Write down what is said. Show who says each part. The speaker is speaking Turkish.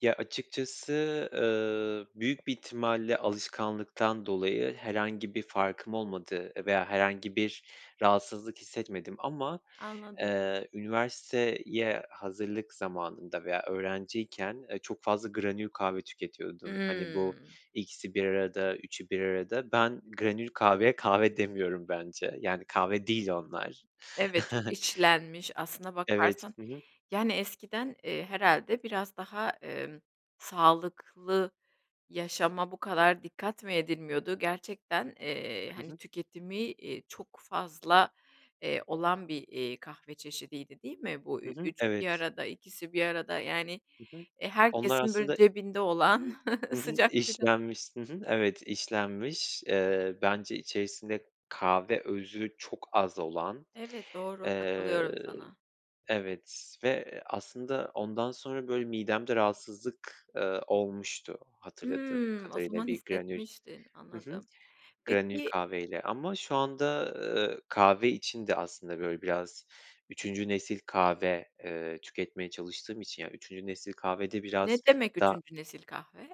Speaker 1: Ya, açıkçası, eee, büyük bir ihtimalle alışkanlıktan dolayı herhangi bir farkım olmadı veya herhangi bir rahatsızlık hissetmedim ama,
Speaker 2: Anladım.
Speaker 1: eee, üniversiteye hazırlık zamanında veya öğrenciyken, eee, çok fazla granül kahve tüketiyordum. Hani, bu
Speaker 2: Hımm.
Speaker 1: 2'si 1 arada, 3'ü 1 arada. Ben granül kahveye kahve demiyorum bence, yani, kahve değil onlar.
Speaker 2: Evet, çok içlenmiş aslına
Speaker 1: Evet.
Speaker 2: bakarsan,
Speaker 1: Hı hı.
Speaker 2: yani, eskiden, eee, herhâlde biraz daha, eee, sağlıklı yaşama bu kadar dikkat mi edilmiyordu gerçekten, eee,
Speaker 1: Hı
Speaker 2: hani,
Speaker 1: hı.
Speaker 2: tüketimi, eee, çok fazla, eee, olan bir, eee, kahve çeşidiydi değil mi? Bu
Speaker 1: Hı
Speaker 2: 3'ü 1
Speaker 1: hı,
Speaker 2: üçü bir
Speaker 1: evet.
Speaker 2: arada, 2'si 1 arada, yani,
Speaker 1: Hı hı.
Speaker 2: eee,
Speaker 1: Onlar
Speaker 2: herkesin, böyle,
Speaker 1: aslında.
Speaker 2: cebinde olan
Speaker 1: Hı hı.
Speaker 2: sıcak sıcak.
Speaker 1: İşlenmiş. Hı hı. Evet işlenmiş. Eee, bence içerisinde kahve özü çok az olan.
Speaker 2: Evet doğru,
Speaker 1: Eee,
Speaker 2: katılıyorum sana.
Speaker 1: evet ve aslında ondan sonra, böyle, midemde rahatsızlık, eee, olmuştu hatırladığım
Speaker 2: Hımm, o
Speaker 1: kadarıyla
Speaker 2: zaman
Speaker 1: bir granül,
Speaker 2: hissetmiştin,
Speaker 1: hı hı,
Speaker 2: anladım.
Speaker 1: granül
Speaker 2: Peki.
Speaker 1: kahveyle ama şu anda, eee, kahve için de aslında, böyle, biraz, 3'üncü nesil kahve, eee, tüketmeye çalıştığım için, yani, 3'üncü nesil kahvede biraz
Speaker 2: Ne demek
Speaker 1: da
Speaker 2: 3'üncü nesil kahve?